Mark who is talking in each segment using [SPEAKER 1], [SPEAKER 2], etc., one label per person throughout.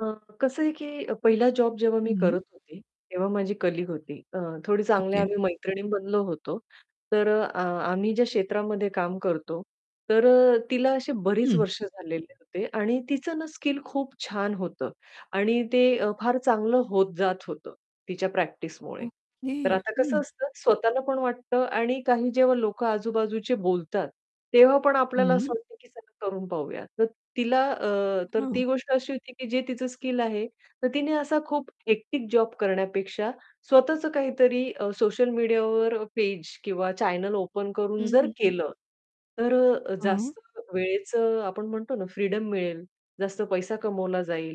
[SPEAKER 1] अ, कसं आहे, की पहिला जॉब जेव्हा मी
[SPEAKER 2] हं.
[SPEAKER 1] करत होते, तेव्हा माझी कलीग होती अ, थोडी चांगल्या
[SPEAKER 2] ओके.
[SPEAKER 1] आम्ही मैत्रिणी बनलो होतो तर अ, अ आम्ही ज्या क्षेत्रामध्ये काम करतो. तर अ, तिला अशी बरीच
[SPEAKER 2] हं.
[SPEAKER 1] वर्ष झालेले होते आणि तीचं ना स्किल खूप छान होतं आणि ते अ, फार चांगलं होत जात होतं तिच्या प्रॅक्टिसमुळे.
[SPEAKER 2] ओके.
[SPEAKER 1] तर आता कसं
[SPEAKER 2] हं.
[SPEAKER 1] असतं स्वतःला पण वाटतं आणि काही जेव्हा लोकं आजू-बाजूचे बोलतात, तेव्हा पण आपल्याला
[SPEAKER 2] हं.
[SPEAKER 1] असं वाटतं की चला करून पाहूया तर तिला अ, तर
[SPEAKER 2] हां.
[SPEAKER 1] ती गोष्ट अशी होती, की जे तिचं स्किल आहे तर तिने असा खूप हेक्टिक जॉब करण्यापेक्षा स्वतःच काहीतरी अ, सोशल मीडियावर पेज किंवा चॅनेल ओपन
[SPEAKER 2] हं,
[SPEAKER 1] करून जर
[SPEAKER 2] हं, हं.
[SPEAKER 1] केलं. तर अ,
[SPEAKER 2] हां.
[SPEAKER 1] जास्त वेळेचं आपण म्हणतो ना फ्रीडम मिळेल, जास्त पैसा कमावला जाईल.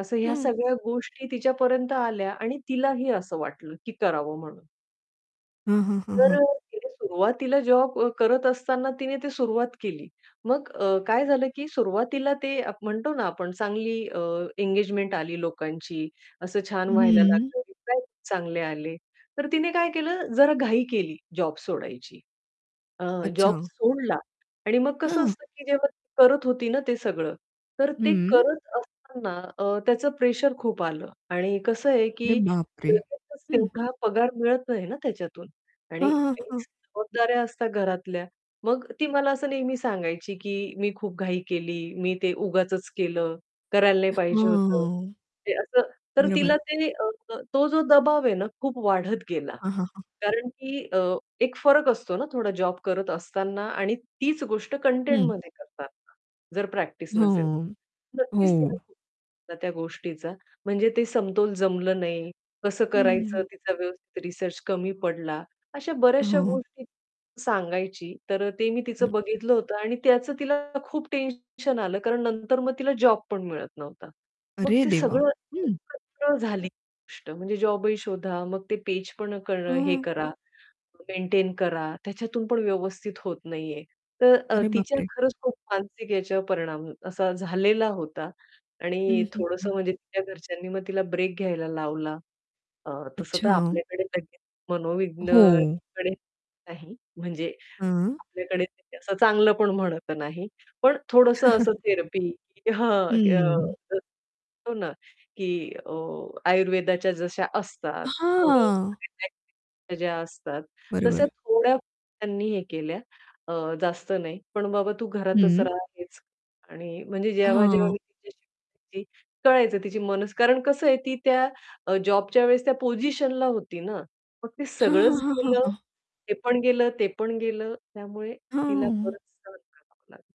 [SPEAKER 1] असं ह्या
[SPEAKER 2] हं.
[SPEAKER 1] सगळ्या गोष्टी तिच्यापर्यंत आल्या आणि तिलाही असं वाटलं, की करावं म्हणून.
[SPEAKER 2] हां, हां, हां,
[SPEAKER 1] तर
[SPEAKER 2] हां.
[SPEAKER 1] अ, तिने सुरुवातीला जॉब करत असताना तिने ते सुरुवात केली. मग अ, काय झालं, की सुरुवातीला ते आप म्हणतो ना आपण चांगली अ, एंगेजमेंट आली लोकांची असं छान व्हायला
[SPEAKER 2] हं.
[SPEAKER 1] लागलं [unintelligible] चांगले आले. तर तिने काय केलं जरा घाई केली जॉब सोडायची. अ, जॉब
[SPEAKER 2] अच्छा.
[SPEAKER 1] सोडला आणि मग कसं
[SPEAKER 2] हां.
[SPEAKER 1] असतं, की जेव्हा ती करत होती ना ते सगळं, तर ते
[SPEAKER 2] हं.
[SPEAKER 1] करत असताना अ, त्याचं प्रेशर खूप आलं आणि कसं आहे,
[SPEAKER 2] अरे
[SPEAKER 1] की
[SPEAKER 2] बापरे!
[SPEAKER 1] लगेचच
[SPEAKER 2] हं.
[SPEAKER 1] तेवढा पगार मिळत नाही ना त्याच्यातून आणि
[SPEAKER 2] हां, हां,
[SPEAKER 1] काही
[SPEAKER 2] हां.
[SPEAKER 1] जबाबदाऱ्या असतात घरातल्या. मग ती मला असं नेहमी सांगायची की "मी खूप घाई केली, मी ते उगाचच केलं, करायला" "नाही पाहिजे होतं."
[SPEAKER 2] हां.
[SPEAKER 1] हे असं तर तिला
[SPEAKER 2] बरोबर.
[SPEAKER 1] ते अ, तो जो दबाव आहे ना खूप वाढत गेला.
[SPEAKER 2] हां, हां, हां.
[SPEAKER 1] कारण की अ, एक फरक असतो ना थोडा जॉब करत असताना आणि तीच गोष्ट
[SPEAKER 2] हं.
[SPEAKER 1] कंटेंटमध्ये करतांना जर प्रॅक्टिस
[SPEAKER 2] हो,
[SPEAKER 1] नसेल. तर नक्कीच
[SPEAKER 2] हो.
[SPEAKER 1] [unintelligible] त्या गोष्टीचा म्हणजे ते समतोल जमलं नाही. कसं
[SPEAKER 2] हं,
[SPEAKER 1] करायचं
[SPEAKER 2] हं.
[SPEAKER 1] तिचा व्यवस्थित रिसर्च कमी पडला. अशा बऱ्याचश्या
[SPEAKER 2] हां.
[SPEAKER 1] गोष्टी सांगायची. तर ते मी
[SPEAKER 2] हं.
[SPEAKER 1] तिचं बघितलं होतं आणि त्याचं तिला खूप टेन्शन आलं. कारण नंतर मग तिला जॉब पण मिळत नव्हता. मग
[SPEAKER 2] अरे
[SPEAKER 1] ते
[SPEAKER 2] देवा!
[SPEAKER 1] सगळं
[SPEAKER 2] हं.
[SPEAKER 1] [unintelligible] झाली गोष्ट म्हणजे जॉबही शोधा, मग ते पेजपण करणं हे
[SPEAKER 2] हं.
[SPEAKER 1] करा, मेंटेन करा त्याच्यातून पण व्यवस्थित होत नाही आहे. तर अ,
[SPEAKER 2] अरे
[SPEAKER 1] तिच्या
[SPEAKER 2] बापरे!
[SPEAKER 1] खरंच खूप मानसिक याच्यावर परिणाम असा झालेला होता.
[SPEAKER 2] हं,
[SPEAKER 1] आणि
[SPEAKER 2] हं, हं.
[SPEAKER 1] थोडंसं म्हणजे तिच्या घरच्यांनी मग तिला ब्रेक घ्यायला लावला. अ, तसं तर
[SPEAKER 2] अच्छा.
[SPEAKER 1] आपल्याकडे लगेच
[SPEAKER 2] हो.
[SPEAKER 1] मनोविघ्नकडे नाही म्हणजे
[SPEAKER 2] हां.
[SPEAKER 1] आपल्याकडे तसं चांगलं पण म्हणत नाही. पण थोडंसं असं थेरपी हां,
[SPEAKER 2] हम्म.
[SPEAKER 1] अ, हो ना, की अ, आयुर्वेदाच्या जश्या असतात थोडं,
[SPEAKER 2] हां.
[SPEAKER 1] [unintelligible] ज्या असतात तश्या
[SPEAKER 2] बरोबर.
[SPEAKER 1] थोड्या त्यांनी हे केल्या अ, जास्त नाही. पण बाबा तू घरातच
[SPEAKER 2] हं.
[SPEAKER 1] रहा हेच आणि म्हणजे जेव्हा-जेव्हा मी
[SPEAKER 2] हां.
[SPEAKER 1] तिच्याशी बोलायची, कळायचं तिची मनस कारण कसं आहे ती त्या अ, जॉबच्या वेळेस त्या पोझिशनला होती ना. मग ते
[SPEAKER 2] हां, हां,
[SPEAKER 1] सगळंच
[SPEAKER 2] हां, हां,
[SPEAKER 1] गेलं,
[SPEAKER 2] हां.
[SPEAKER 1] हे पण गेलं, ते पण गेलं त्यामुळे तिला
[SPEAKER 2] हां.
[SPEAKER 1] बरंच सहन करावं लागलं.